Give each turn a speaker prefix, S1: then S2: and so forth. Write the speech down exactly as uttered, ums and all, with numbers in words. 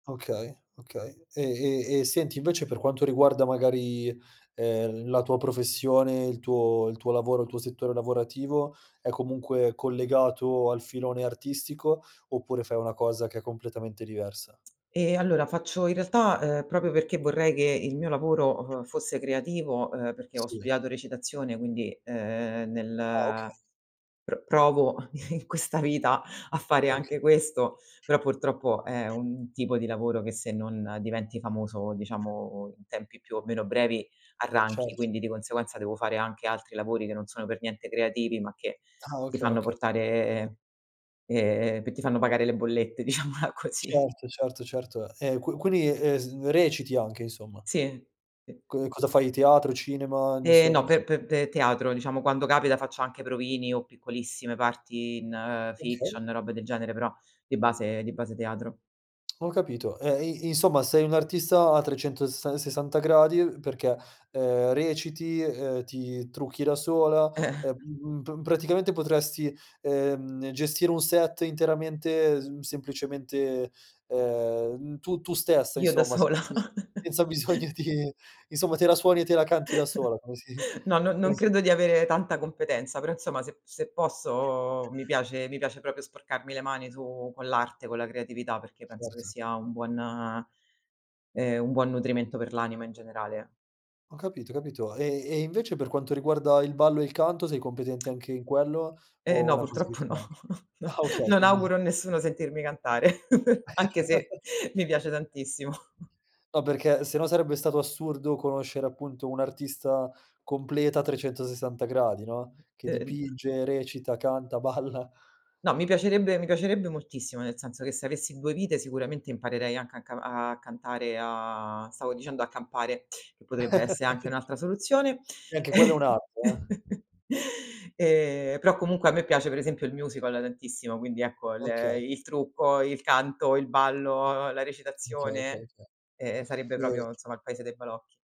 S1: Okay, okay. E e e senti, invece per quanto riguarda magari, ehm, la tua professione, il tuo il tuo lavoro, il tuo settore lavorativo, è comunque collegato al filone artistico, oppure fai una cosa che è completamente diversa?
S2: Ehm, allora faccio in realtà, ehm, proprio perché vorrei che il mio lavoro, uhm, fosse creativo, ehm, perché ho
S1: Sì.
S2: studiato recitazione, quindi, ehm,
S1: Ah, okay.
S2: nel pr provo in questa vita a fare
S1: Okay.
S2: anche questo, però purtroppo è un tipo di lavoro che se non diventi famoso, diciamo in tempi più o meno brevi, arranchi.
S1: Certo.
S2: Quindi di conseguenza devo fare anche altri lavori che non sono per niente creativi, ma che
S1: Ah
S2: ti
S1: okay,
S2: fanno
S1: okay.
S2: portare ehm, che ti fanno pagare le bollette, diciamola così.
S1: Certo, certo, certo. E q quini, eh ehm, s reciti anche, insomma.
S2: Sì. P
S1: Co ehm, cosa fai, teatro, cinema?
S2: Eh no,
S1: Inso
S2: pe pe pe teatro, diciamo quando capita faccio anche provini o piccolissime parti in
S1: Okay.
S2: fiction e robe del genere, però di base di base teatro.
S1: Ho capito, e i insomma sei un'artista a trecentosessa sessanta gradi, uhm, perché, ehm, reciti, ehm, ti trucchi da sola e,
S2: Eh-eh.
S1: uhm, uhm, pr praticamente potresti, ehm, gestire un set interamente mhmm, semplicemente, ehm, tu tu stessa
S2: Io da
S1: insomma,
S2: sola?
S1: senza bisogno senza bisogno di insomma te la suoni e te la canti da sola, come si
S2: No, non non
S1: come si
S2: credo di avere tanta competenza, però insomma, se se posso mi piace mi piace propio sporcarmi le mani su con l'arte, con la creatività, perché penso che
S1: Certo.
S2: sia un buon ehm, un buon nutrimento per l'anima in generale.
S1: Ho capito, capito. E e invece per quanto riguarda il ballo e il canto sei competente anche in quello,
S2: Eh
S1: o è
S2: no,
S1: una cosa che
S2: purtroppo
S1: ti
S2: no.
S1: manca?
S2: No,
S1: Ah okay,
S2: non
S1: quindi
S2: auguro a nessuno sentirmi cantare, anche se mi piace tantissimo.
S1: No, perché se no sarebbe stato assurdo conoscere, appunto, un'artista completa a trecentosessanta gradi, no,
S2: Mh.
S1: che
S2: E, ehm
S1: dipinge, recita, canta, balla.
S2: No, mi piacerebbe mi piacerebbe moltissimo, nel senso che se avessi due vite sicuramente imparerei anche a ca a cantare a stavo dicendo a campare, che potrebbe essere anche un'altra soluzione.
S1: E anche quella è un'arte, eh.
S2: Ehm, però comunque a me piace per esempio il musical tantissimo, quindi ecco l
S1: Okay.
S2: il trucco, il canto, il ballo, la
S1: Okay, okay,
S2: recitazione,
S1: okay.
S2: ehm, sarebbe propio
S1: Nient
S2: insomma il paese dei balocchi.